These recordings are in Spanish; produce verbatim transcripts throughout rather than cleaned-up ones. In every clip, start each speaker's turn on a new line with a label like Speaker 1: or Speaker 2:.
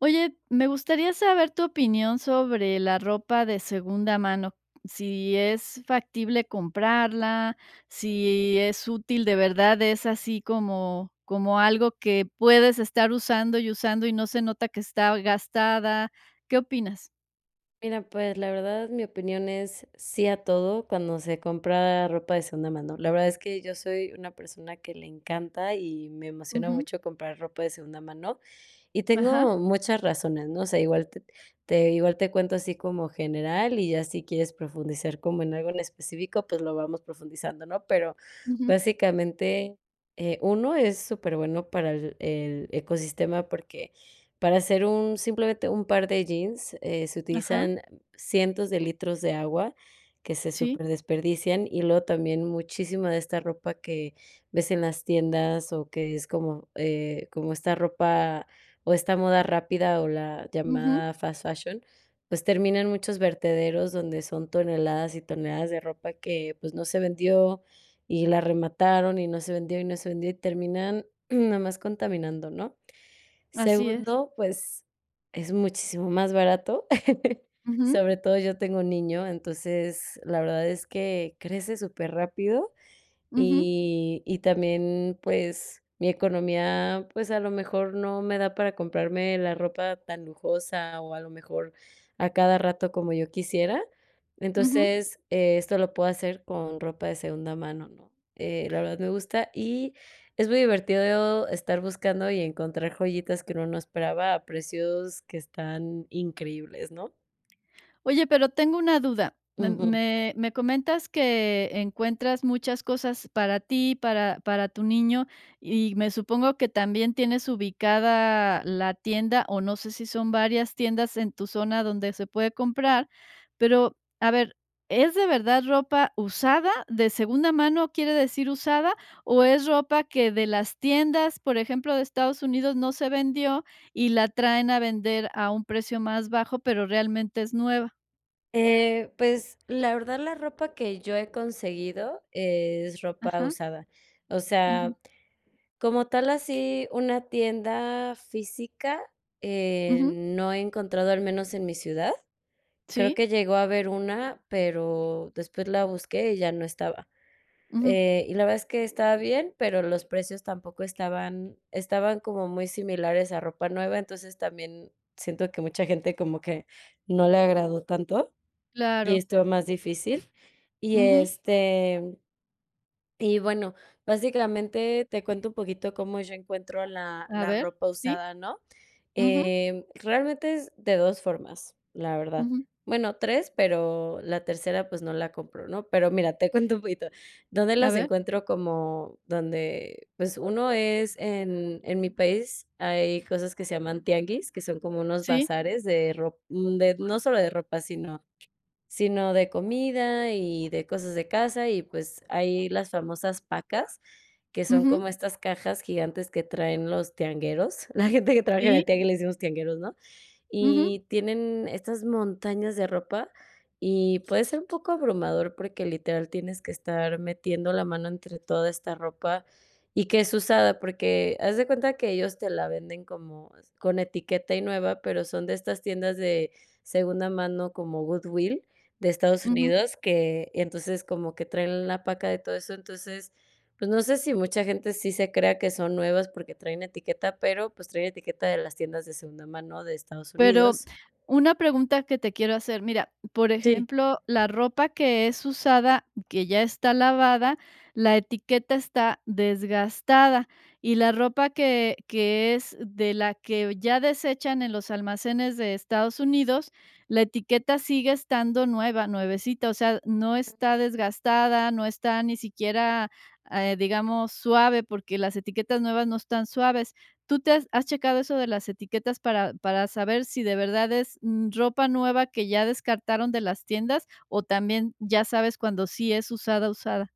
Speaker 1: Oye, me gustaría saber tu opinión sobre la ropa de segunda mano, si es factible comprarla, si es útil de verdad, es así como como algo que puedes estar usando y usando y no se nota que está gastada. ¿Qué opinas?
Speaker 2: Mira, pues, la verdad, mi opinión es, sí a todo, cuando se compra ropa de segunda mano, la verdad es que yo soy una persona que le encanta y me emociona
Speaker 1: Ujú.
Speaker 2: mucho comprar ropa de segunda mano, y
Speaker 1: Ajá.
Speaker 2: tengo muchas razones, ¿no? O sea, igual te te igual te cuento, así como general y ya si quieres profundizar como en algo en específico, pues lo vamos profundizando, ¿no? Pero,
Speaker 1: Ujú.
Speaker 2: básicamente, eh, uno, es súper bueno para el el ecosistema porque, para hacer un, simplemente, un par de jeans eh, se
Speaker 1: Ajá.
Speaker 2: utilizan cientos de litros de agua, que se
Speaker 1: Sí.
Speaker 2: superdesperdician, y luego también muchísima de esta ropa que, ves en las tiendas o que es como eh, como esta ropa, o esta moda rápida, o la
Speaker 1: Ujú.
Speaker 2: llamada fast fashion, pues termina en muchos vertederos donde son toneladas y toneladas de ropa que, pues no se vendió, y la remataron y no se vendió, y no se vendió y terminan, nada más contaminando, ¿no?
Speaker 1: Así es.
Speaker 2: Segundo, pues, es muchísimo más barato,
Speaker 1: Ujú.
Speaker 2: sobre todo yo tengo niño, entonces, la verdad es que, crece superrápido
Speaker 1: Ujú.
Speaker 2: y y también, pues, mi economía, pues, a lo mejor no me da para comprarme la ropa tan lujosa o a lo mejor, a cada rato como yo quisiera.
Speaker 1: Ujú.
Speaker 2: Entonces, esto lo puedo hacer con ropa de segunda mano, ¿no? Eh, la verdad me gusta y, es muy divertido estar buscando y encontrar joyitas que uno no esperaba a precios que están, increíbles, ¿no?
Speaker 1: Oye, pero tengo una duda. Me
Speaker 2: Ujú.
Speaker 1: me me comentas que encuentras muchas cosas para ti, para para tu niño, y me supongo que también tienes ubicada la tienda, o no sé si son varias tiendas en tu zona donde se puede comprar, pero, a ver, ¿es de verdad ropa usada? ¿De segunda mano, quiere decir usada? ¿O es ropa que de las tiendas, por ejemplo, de Estados Unidos no se vendió y la traen a vender a un precio más bajo, pero realmente es nueva?
Speaker 2: Eh, pues, la verdad la ropa que yo he conseguido es ropa
Speaker 1: Ajá.
Speaker 2: usada. O
Speaker 1: Ujú.
Speaker 2: sea, como tal así, una tienda física, eh,
Speaker 1: Ujú.
Speaker 2: no he encontrado al menos en mi ciudad. Creo
Speaker 1: Sí.
Speaker 2: que llegó a haber una, pero después la busqué y ya no estaba,
Speaker 1: Ujú.
Speaker 2: eh, y la verdad es que estaba bien, pero los precios tampoco estaban estaban como muy similares a ropa nueva, entonces, también siento que mucha gente como que no le agradó tanto y
Speaker 1: Claro.
Speaker 2: estuvo más difícil. Y,
Speaker 1: Ujú.
Speaker 2: este, y bueno, básicamente te cuento un poquito cómo yo encuentro la
Speaker 1: A
Speaker 2: la
Speaker 1: ver.
Speaker 2: ropa
Speaker 1: Sí.
Speaker 2: usada, ¿no?,
Speaker 1: Ujú.
Speaker 2: eh, realmente es de dos formas, la verdad.
Speaker 1: Ujú.
Speaker 2: Bueno, tres, pero la tercera, pues, no la compro, ¿no?, pero mira, te cuento un poquito, ¿dónde
Speaker 1: A
Speaker 2: las
Speaker 1: ver.
Speaker 2: encuentro?, como donde, pues, uno es en en mi país, hay cosas que se llaman tianguis, que son como unos
Speaker 1: Sí.
Speaker 2: bazares de rop de no solo de ropa, sino sino de comida y de cosas de casa, y pues, hay las famosas pacas, que son
Speaker 1: Ujú.
Speaker 2: como estas cajas gigantes que traen los tiangueros, la gente que trabaja en el
Speaker 1: Sí.
Speaker 2: tianguis le decimos tiangueros, ¿no?,
Speaker 1: Ujú.
Speaker 2: y tienen estas montañas de ropa, y puede ser un poco abrumador porque literal tienes que estar metiendo la mano entre toda esta ropa y que es usada, porque haz de cuenta que ellos te la venden como con etiqueta y nueva, pero son de estas tiendas de segunda mano como Goodwilll de Estados
Speaker 1: Ujú.
Speaker 2: Unidos, que entonces, como que traen la paca de todo eso. Entonces, pues no sé si mucha gente sí se crea que son nuevas porque traen etiqueta, pero pues, trae etiqueta de las tiendas de segunda mano de Estados
Speaker 1: Pero,
Speaker 2: Unidos.
Speaker 1: una pregunta que te quiero hacer, mira, por
Speaker 2: Sí.
Speaker 1: ejemplo, la ropa que es usada, que ya está lavada, la etiqueta está desgastada, y la ropa que que es de la que ya desechan en los almacenes de Estados Unidos, la etiqueta sigue estando nueva, nuevecita, o sea, no está desgastada, no está ni siquiera, eh, digamos, suave, porque las etiquetas nuevas no están suaves, ¿tú te has has checado eso de las etiquetas para para saber si de verdad es ropa nueva que ya descartaron de las tiendas, o también ya sabes cuando sí es usada, usada?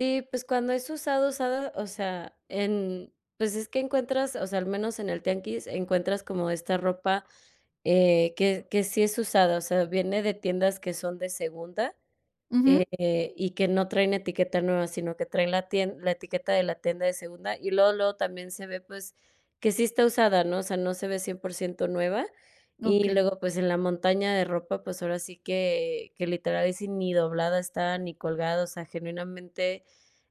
Speaker 2: Y pues, cuando es usada, usada, o sea, en, pues es que encuentras, o sea, al menos en el tianguis encuentras como esta ropa eh, que que sí es usada, o sea, viene de tiendas que son de segunda,
Speaker 1: Ujú.
Speaker 2: eh, y que no traen etiqueta nueva, sino que traen la tien la etiqueta de la tienda de segunda, y luego, luego también se ve, pues, que sí está usada, ¿no? O sea, no se ve cien por ciento nueva. Y
Speaker 1: Okey.
Speaker 2: luego, pues, en la montaña de ropa, pues, ahora sí que que literal ahí sí, ni doblada está, ni colgada, o sea, genuinamente,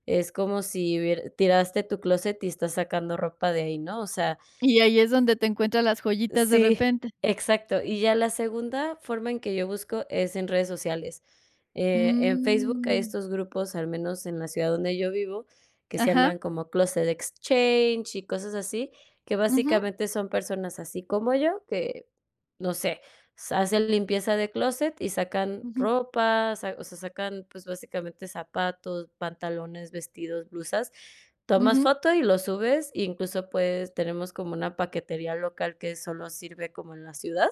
Speaker 2: es como si hubiere tiraste tu clóset y estás sacando ropa de ahí, ¿no? O sea
Speaker 1: Y ahí es donde te encuentras las joyitas de
Speaker 2: Sí,
Speaker 1: repente.
Speaker 2: exacto. Y ya la segunda forma en que yo busco es en redes sociales. Eh, en Facebook hay
Speaker 1: Mm.
Speaker 2: estos grupos al menos en la ciudad donde yo vivo, que se
Speaker 1: Ajá.
Speaker 2: llaman como Closet Exchanges y cosas así, que
Speaker 1: Ujú.
Speaker 2: básicamente son personas así como yo, que, no sé, sa hacen limpieza de closet y sacan
Speaker 1: Ujú.
Speaker 2: ropa, sa o sea, sacan, pues básicamente zapatos, pantalones, vestidos, blusas. Tomas
Speaker 1: Ujú.
Speaker 2: foto y lo subes, incluso, pues, tenemos como una paquetería local que solo sirve como en la ciudad.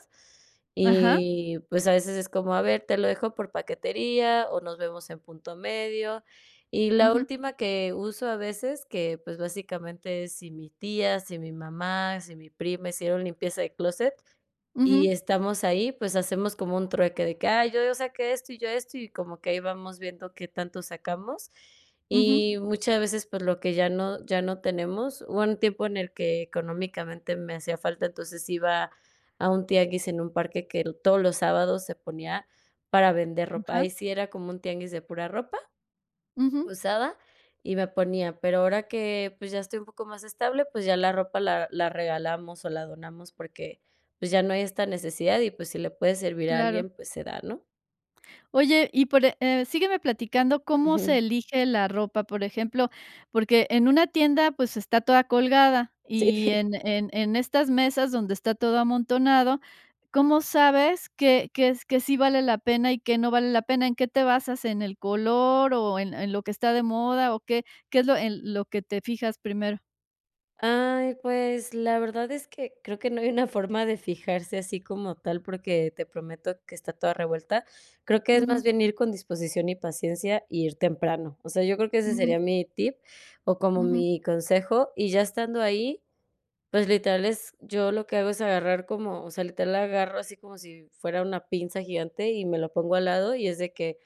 Speaker 1: Ajá.
Speaker 2: Y, pues, a veces es como, a ver, te lo dejo por paquetería o nos vemos en punto medio. Y la
Speaker 1: Ujú.
Speaker 2: última que uso a veces que, pues básicamente es, si mi tía, si mi mamá, si mi prima hicieron limpieza de clóset, y
Speaker 1: Ujú.
Speaker 2: estamos ahí, pues hacemos como un trueque de que: "Ay, yo yo saqué esto y yo esto", y como que ahí vamos viendo qué tanto sacamos.
Speaker 1: Ujú.
Speaker 2: Y muchas veces, pues lo que ya no ya no tenemos, hubo un tiempo en el que económicamente me hacía falta, entonces iba, a un tianguis en un parque que todos los sábados se ponía, para vender ropa, ahí
Speaker 1: Ajá.
Speaker 2: sí era como un tianguis de pura ropa,
Speaker 1: Ujú.
Speaker 2: usada, y me ponía, pero ahora que, pues, ya estoy un poco más estable pues ya la ropa la la regalamos o la donamos porque, pues ya no hay esta necesidad y pues, si le puede servir a
Speaker 1: Claro.
Speaker 2: alguien, pues, se da, ¿no?
Speaker 1: Oye, y por, e eh sígueme platicando cómo se
Speaker 2: Ujú.
Speaker 1: elige la ropa, por ejemplo, porque en una tienda, pues, está toda colgada,
Speaker 2: Sí.
Speaker 1: y en en en estas mesas donde está todo amontonado, ¿cómo sabes qué qué es qué sí vale la pena y qué no vale la pena? ¿En qué te basas?, ¿en el color o en en lo que está de moda? O, ¿qué? ¿Qué es lo en lo que te fijas primero?
Speaker 2: Ay, pues, la verdad es que creo que no hay una forma de fijarse así como tal, porque te prometo que está toda revuelta. Creo que es más
Speaker 1: Ujú.
Speaker 2: bien ir con disposición y paciencia, y ir temprano. O sea, yo creo que ese
Speaker 1: Ujú.
Speaker 2: sería mi tip o como
Speaker 1: Ujú.
Speaker 2: mi consejo, y ya estando ahí, pues, literal es yo lo que hago es agarrar como o sea, literal la agarro así como si fuera una pinza gigante y me lo pongo al lado y es de que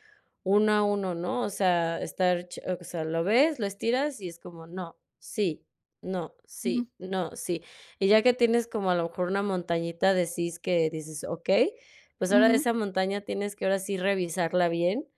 Speaker 2: uno a uno, ¿no? O sea, estar che o sea, lo ves, lo estiras y es como: "No, sí, no,
Speaker 1: Ujú.
Speaker 2: sí, no, sí". Y ya que tienes como a lo mejor una montañita de sís que dices: "Okey", pues ahora de
Speaker 1: Ujú.
Speaker 2: esa montaña tienes que ahora sí revisarla bien,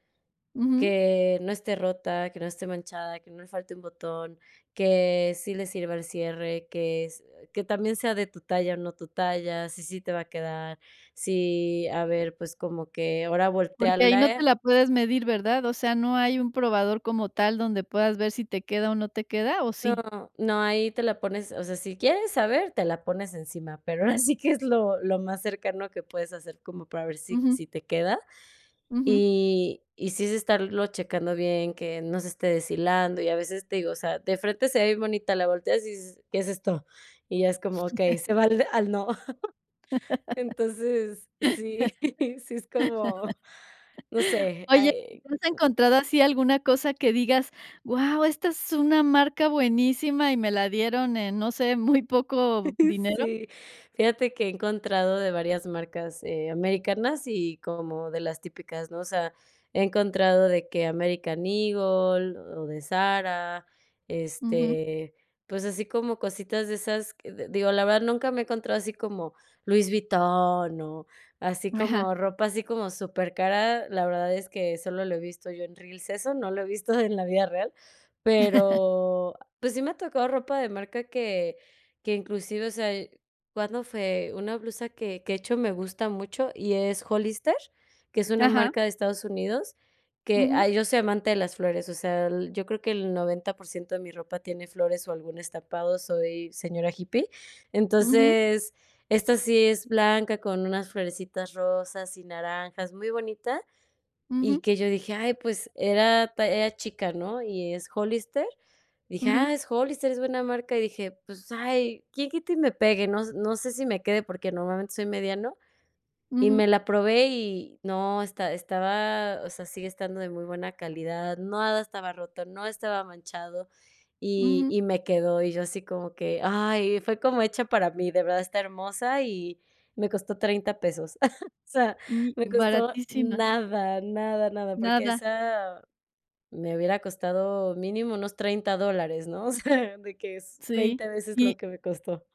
Speaker 1: Ujú.
Speaker 2: que no esté rota, que no esté manchada, que no le falte un botón, que sí le sirva el cierre, que es que también sea de tu talla o no tu talla, si sí te va a quedar, si a ver, pues como que ahora
Speaker 1: Porque ahí no te
Speaker 2: voltéarle
Speaker 1: la puedes medir, ¿verdad? O sea, no hay un probador como tal donde puedas ver si te queda o no te queda, ¿o sí?
Speaker 2: No, no, ahí te la pones, o sea, si quieres saber, te la pones encima, pero ahora sí que es lo lo más cercano que puedes hacer como para ver si
Speaker 1: Ujú.
Speaker 2: si te queda
Speaker 1: Ujú.
Speaker 2: y y sí es estarlo checando bien, que no se esté deshilando y a veces te digo, o sea, de frente se ve bien bonita, la volteas y dices: "¿Qué es esto?". Y ya es como: "Okey", ese va al al no. Entonces sí, sí es como no sé,
Speaker 1: Oye,
Speaker 2: ay
Speaker 1: ¿te has encontrado así alguna cosa que digas? Guau, esta es una marca buenísima y me la dieron en, no sé, muy poco dinero.
Speaker 2: Sí, fíjate que he encontrado de varias marcas, eh, americanas y como de las típicas, ¿no? O sea, he encontrado de que American Eagle o de Zara,
Speaker 1: Ujú.
Speaker 2: este, pues así como cositas de esas que, d digo, la verdad nunca me he encontrado así como Louis Vuitton o así
Speaker 1: Ajá.
Speaker 2: como ropa así como supercara. La verdad es que solo lo he visto yo en Reels, eso no lo he visto en la vida real, pero, pues, sí me ha tocado ropa de marca que que inclusive, o sea, cuando fue una blusa que que, de hecho, me gusta mucho y es Hollister, que es una
Speaker 1: Ajá.
Speaker 2: marca de Estados Unidos, que,
Speaker 1: Ujú.
Speaker 2: ay, yo soy amante de las flores. O sea, yo creo que el noventa por ciento de mi ropa tiene flores o algún estampado, soy señora hippie.
Speaker 1: Ujú.
Speaker 2: Entonces, esta sí es blanca con unas florecitas rosas y naranjas, muy bonita, y
Speaker 1: Ujú.
Speaker 2: que yo dije: "Ay, pues era talla era chica, ¿no?". Y es Hollister. Dije:
Speaker 1: Ujú.
Speaker 2: "Ah, es Hollister, es buena marca". Y dije: "Pues, ay, quién quita y me pegue". No s no sé si me quede, porque normalmente soy mediano y me
Speaker 1: Ujú.
Speaker 2: la probé y no esta estaba, o sea, sigue estando de muy buena calidad, nada estaba roto, no estaba manchado y
Speaker 1: Ujú.
Speaker 2: y me quedó y yo así como que: "Ay, fue como hecha para mí, de verdad está hermosa", y me costó treinta pesos. O sea,
Speaker 1: Mm, y
Speaker 2: me costó
Speaker 1: Baratísima.
Speaker 2: nada, nada, nada, porque
Speaker 1: Nada.
Speaker 2: esa me hubiera costado mínimo unos treinta dólares, ¿no? O sea, de que es
Speaker 1: Sí.
Speaker 2: veinte veces
Speaker 1: Y
Speaker 2: lo que me costó.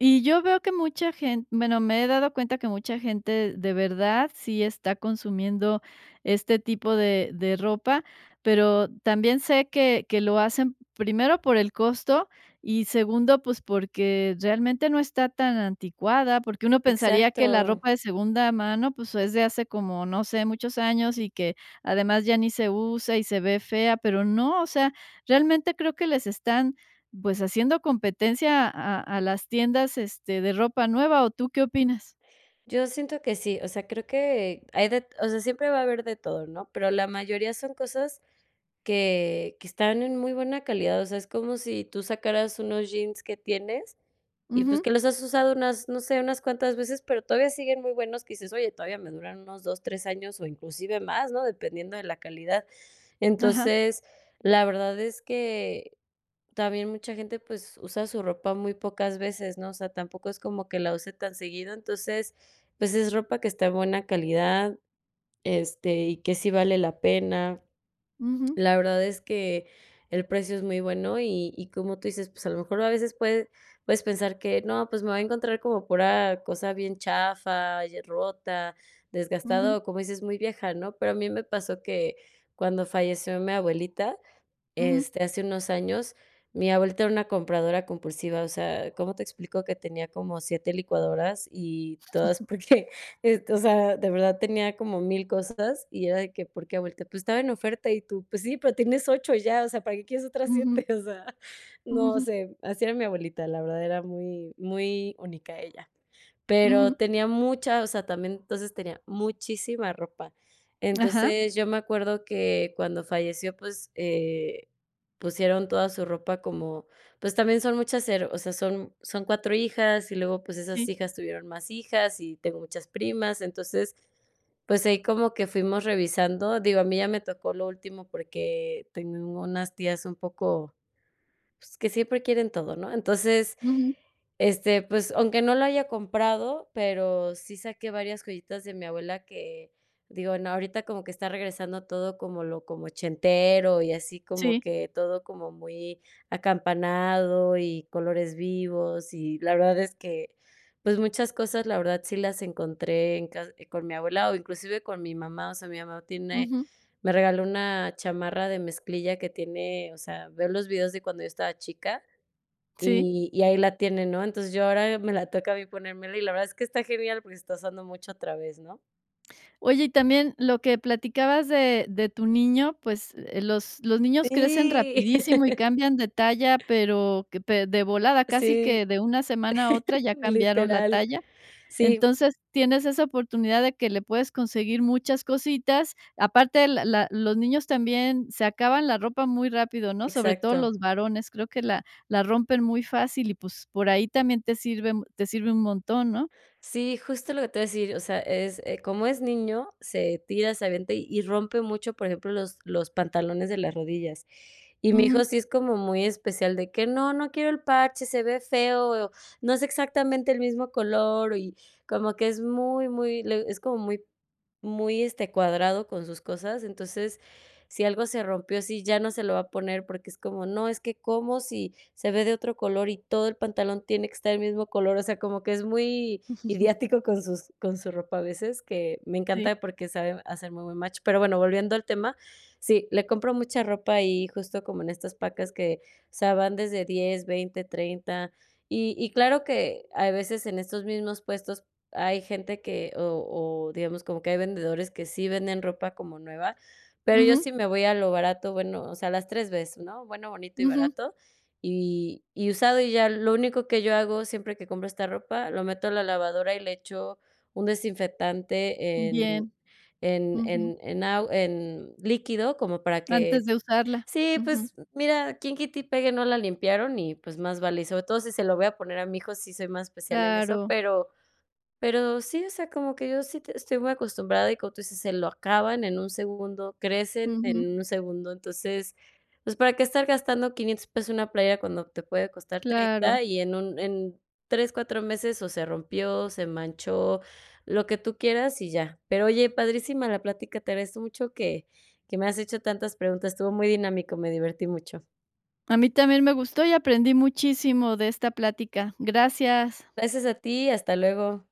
Speaker 1: Y yo veo que mucha gen bueno, me he dado cuenta que mucha gente, de verdad, sí está consumiendo este tipo de de ropa, pero también sé que que lo hacen, primero, por el costo y, segundo, pues, porque realmente no está tan anticuada, porque uno pensaría que la
Speaker 2: Exacto.
Speaker 1: ropa de segunda mano, pues, es de hace como, no sé, muchos años y que, además, ya ni se usa y se ve fea, pero no, o sea, realmente creo que les están, pues, haciendo competencia a a a las tiendas, este, de ropa nueva, ¿o tú qué opinas?
Speaker 2: Yo siento que sí, o sea, creo que hay de o sea, siempre va a haber de todo, ¿no? Pero la mayoría son cosas que que están en muy buena calidad, o sea, es como si tú sacaras unos jeans que tienes y, pues,
Speaker 1: Ujú.
Speaker 2: que los has usado unas, no sé, unas cuantas veces, pero todavía siguen muy buenos, que dices: “Oye, todavía me duran unos dos tres años o inclusive más, ¿no?”. Dependiendo de la calidad.
Speaker 1: Ajá.
Speaker 2: Entonces, la verdad es que también mucha gente, pues, usa su ropa muy pocas veces, ¿no? O sea, tampoco es como que la use tan seguido. Entonces, pues, es ropa que está de buena calidad, este, y que sí vale la pena.
Speaker 1: Ujú.
Speaker 2: La verdad es que el precio es muy bueno y y como tú dices, pues a lo mejor a veces puede puedes pensar que no, pues me voy a encontrar como pura cosa bien chafa y eh, rota, desgastada
Speaker 1: Ujú.
Speaker 2: o, como dices, muy vieja, ¿no? Pero a mí me pasó que cuando falleció mi abuelita,
Speaker 1: Ujú.
Speaker 2: este, hace unos años, mi abuelita era una compradora compulsiva, o sea, cómo te explico que tenía como siete licuadoras y todas porque, este O sea, de verdad tenía como mil cosas y era de que: “¿Por qué, abuelita?”. “Pues estaba en oferta”. Y tú: “Pues sí, pero tienes ocho ya, o sea, ¿para qué quieres otras
Speaker 1: Ujú.
Speaker 2: siete?”. O sea, no sé, así era mi abuelita, la verdad, era muy muy única ella. Pero
Speaker 1: Ujú.
Speaker 2: tenía mucha, o sea, también, entonces, tenía muchísima ropa.
Speaker 1: Ajá.
Speaker 2: Entonces, yo me acuerdo que cuando falleció, pues, eh, pusieron toda su ropa como pues también son muchas, ero o sea, son son cuatro hijas y luego, pues esas
Speaker 1: Sí.
Speaker 2: hijas tuvieron más hijas y tengo muchas primas. Entonces, pues ahí como que fuimos revisando Digo, a mí ya me tocó lo último porque tengo unas tías un poco pues que siempre quieren todo, ¿no? Entonces,
Speaker 1: Ujú.
Speaker 2: este, pues aunque no lo haya comprado, pero sí saqué varias joyitas de mi abuela que digo: “No, ahorita como que está regresando todo como lo como ochentero y así como
Speaker 1: Sí.
Speaker 2: que todo como muy acampanado y colores vivos”. Y la verdad es que, pues muchas cosas, la verdad, sí las encontré en ca con mi abuela o inclusive con mi mamá. O sea, mi mamá tiene
Speaker 1: Ujú.
Speaker 2: me regaló una chamarra de mezclilla que tiene o sea, veo los videos de cuando yo estaba chica
Speaker 1: Sí
Speaker 2: y y ahí la tiene, ¿no? Entonces, yo ahora me la toca a mí ponérmela y la verdad es que está genial porque se está usando mucho otra vez, ¿no?
Speaker 1: Oye, y también lo que platicabas de de tu niño, pues, eh, los los niños crecen
Speaker 2: Sí.
Speaker 1: rapidísimo y cambian de talla, pero que pe de volada, casi que
Speaker 2: Sí.
Speaker 1: de una semana a otra ya cambiaron la
Speaker 2: Literal.
Speaker 1: talla.
Speaker 2: Sí.
Speaker 1: Entonces, tienes esa oportunidad de que le puedes conseguir muchas cositas. Aparte, la la los niños también se acaban la ropa muy rápido, ¿no? Sobre todo
Speaker 2: Exacto.
Speaker 1: los varones, creo que la la la rompen muy fácil y, pues, por ahí también te sirve mu te sirve un montón, ¿no?
Speaker 2: Sí, justo lo que te iba a decir, o sea, es como es niño, se tira, se avienta y rompe mucho, por ejemplo, los los pantalones de las rodillas. Y mi hijo
Speaker 1: Ujú.
Speaker 2: sí es como muy especial, de que: “No, no quiero el parche, se ve feo, no es exactamente el mismo color”, y como que es muy, muy es como muy muy, este, cuadrado con sus cosas. Entonces, si algo se rompió, sí, ya no se lo va a poner, porque es como: “No, es que como si se ve de otro color y todo el pantalón tiene que estar el mismo color”, o sea, como que es muy ideático con sus con su ropa a veces, que me
Speaker 1: Sí.
Speaker 2: encanta porque sabe hacer muy buen match. Pero bueno, volviendo al tema, sí, le compro mucha ropa ahí justo como en estas pacas que, o sea, van desde diez veinte treinta. Y y claro que hay veces en estos mismos puestos hay gente que o o, digamos, como que hay vendedores que sí venden ropa como nueva, pero yo
Speaker 1: Ujú.
Speaker 2: sí me voy a lo barato, bueno, o sea, las tres bes, ¿no? Bueno, bonito y
Speaker 1: Ujú.
Speaker 2: barato. Y y usado, y ya lo único que yo hago siempre que compro esta ropa, lo meto a la lavadora y le echo un desinfectante, en
Speaker 1: Bien.
Speaker 2: en
Speaker 1: Ujú.
Speaker 2: en en agu en líquido como para
Speaker 1: Antes
Speaker 2: que
Speaker 1: de usarla.
Speaker 2: Sí,
Speaker 1: Ujú.
Speaker 2: pues mira, quién quita y pegue no la limpiaron y pues más vale, y sobre todo si se lo voy a poner a mi hijo, sí soy más especial en eso,
Speaker 1: Claro.
Speaker 2: pero pero sí, o sea, como que yo sí te estoy muy acostumbrada y como tú dices: “Se lo acaban en un segundo, crecen
Speaker 1: Ujú.
Speaker 2: en un segundo”. Entonces, pues, ¿para qué estar gastando quinientos pesos en una playera cuando te puede costar
Speaker 1: Claro.
Speaker 2: treinta? Y en un en tres cuatro meses, o se rompió, se manchó, lo que tú quieras y ya. Pero, oye, padrísima la plática, te agradezco mucho que que me has hecho tantas preguntas. Estuvo muy dinámico, me divertí mucho.
Speaker 1: A mí también me gustó y aprendí muchísimo de esta plática. Gracias.
Speaker 2: Gracias a ti, hasta luego.